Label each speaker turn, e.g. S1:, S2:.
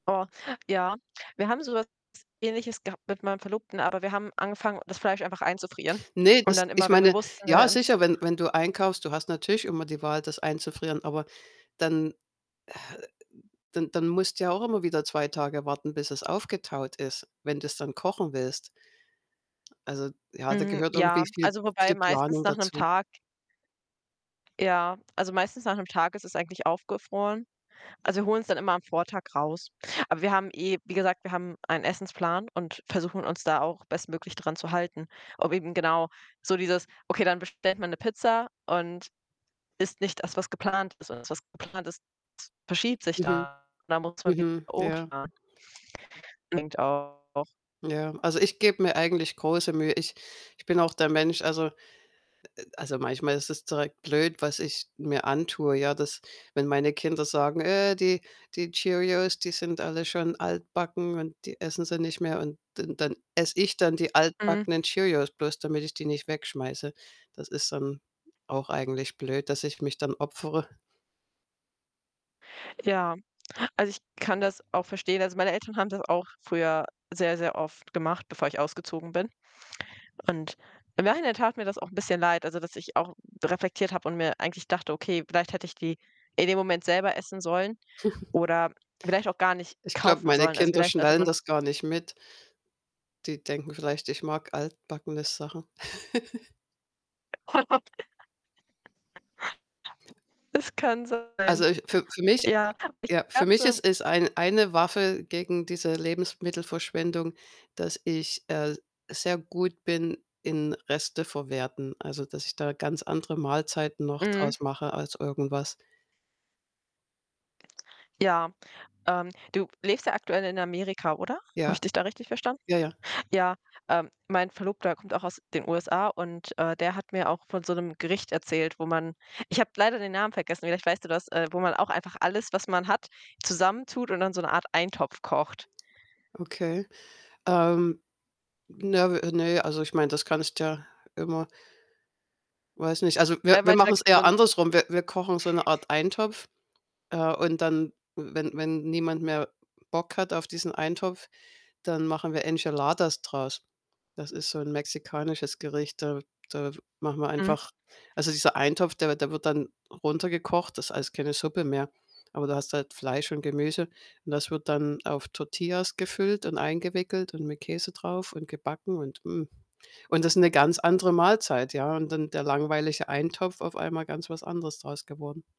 S1: Oh, ja. Wir haben so was Ähnliches gehabt mit meinem Verlobten, aber wir haben angefangen, das Fleisch einfach einzufrieren.
S2: Ne,
S1: Und
S2: das
S1: dann
S2: ich
S1: immer, wenn wir
S2: meine,
S1: wussten, wir
S2: ja,
S1: werden's
S2: sicher, wenn wenn du einkaufst, du hast natürlich immer die Wahl, das einzufrieren, aber dann äh, dann dann musst du ja auch immer wieder 2 Tage warten, bis es aufgetaut ist, wenn du's dann kochen willst. Also, ja, da
S1: Hm,
S2: gehört
S1: ja,
S2: irgendwie viel
S1: also, wobei
S2: viel
S1: meistens
S2: Planung
S1: nach 'nem
S2: dazu.
S1: Tag Ja, also, meistens nach 'nem Tag ist es eigentlich aufgefroren. Also, wir holen's dann immer am Vortag raus. Aber wir haben eh wie gesagt, wir haben einen Essensplan und versuchen uns da auch bestmöglich dran zu halten. Ob eben genau so dieses: „Okay, dann bestellt bestellt man 'ne Pizza und isst nicht das, was geplant ist.“ Und das, was geplant ist, verschiebt sich
S2: Mhm,
S1: dann und dann muss man wieder
S2: mhm. Ja.
S1: umplanen. [unintelligible] auch
S2: Ja. Also, ich gebe mir eigentlich große Mühe. Ich ich bin auch der Mensch, also äh, also, manchmal ist es direkt blöd, was ich mir antue, ja, dass wenn meine Kinder sagen: „Äh, die die Cheerios, die sind alle schon altbacken,“ und die essen sie nicht mehr. Und dann dann esse ich dann die
S1: Mhm.
S2: altbackenen Cheerios, bloß damit ich die nicht wegschmeiße. Das ist dann auch eigentlich blöd, dass ich mich dann opfere.
S1: Ja, also, ich kann das auch verstehen. Also, meine Eltern haben das auch früher sehr, sehr oft gemacht, bevor ich ausgezogen bin. Und im Nachhinein tat mir das auch 'n bisschen leid, also, dass ich auch reflektiert habe und mir eigentlich dachte: „Okay, vielleicht hätte ich die in dem Moment selber essen sollen oder vielleicht auch gar nicht
S2: Ich glaube,
S1: kaufen
S2: meine
S1: sollen. Also,
S2: Kinder
S1: vielleicht sollte
S2: schnallen
S1: man“
S2: das gar nicht mit. Die denken vielleicht, ich mag altbackene Sachen.
S1: Es kann sein.
S2: Also, ich für für mich
S1: Ja. Ich
S2: ja, für
S1: habe so
S2: mich ist
S1: 'n
S2: es ein eine Waffe gegen diese Lebensmittelverschwendung, dass, äh, ich sehr gut bin in Resteverwerten. Also, dass ich da ganz andere Mahlzeiten noch
S1: Mhm.
S2: draus mache aus irgendwas.
S1: Ja, ähm, du lebst ja aktuell in Amerika, oder? Habe ich
S2: Ja.
S1: dich da richtig verstanden?
S2: Ja, ja.
S1: Ja, ähm, mein Verlobter kommt auch aus den USA und, äh, der hat mir auch von so 'nem Gericht erzählt, wo man ich habe leider den Namen vergessen, vielleicht weißt du das, äh, wo man auch einfach alles, was man hat, zusammentut und dann so 'ne Art Eintopf kocht.
S2: Okay. Ähm, Ne, w ne, also, ich meine, das kannst ja immer weiß nicht. Also, wir
S1: Er
S2: wir
S1: meinte, da
S2: machen's
S1: gibt's so
S2: eher
S1: 'n
S2: andersrum. Wir wir kochen so 'ne Art Eintopf, äh, und dann, wenn wenn niemand mehr Bock hat auf diesen Eintopf, dann machen wir Enchiladas draus. Das ist so 'n mexikanisches Gericht. Da da machen wir
S1: Mhm.
S2: einfach also, dieser Eintopf, der der wird dann runtergekocht, das ist alles keine Suppe mehr. Aber da hast du halt Fleisch und Gemüse. Und das wird dann auf Tortillas gefüllt und eingewickelt und mit Käse drauf und gebacken und, mm, und das ist 'ne ganz andere Mahlzeit, ja? Und dann der langweilige Eintopf auf einmal ganz was anderes draus geworden.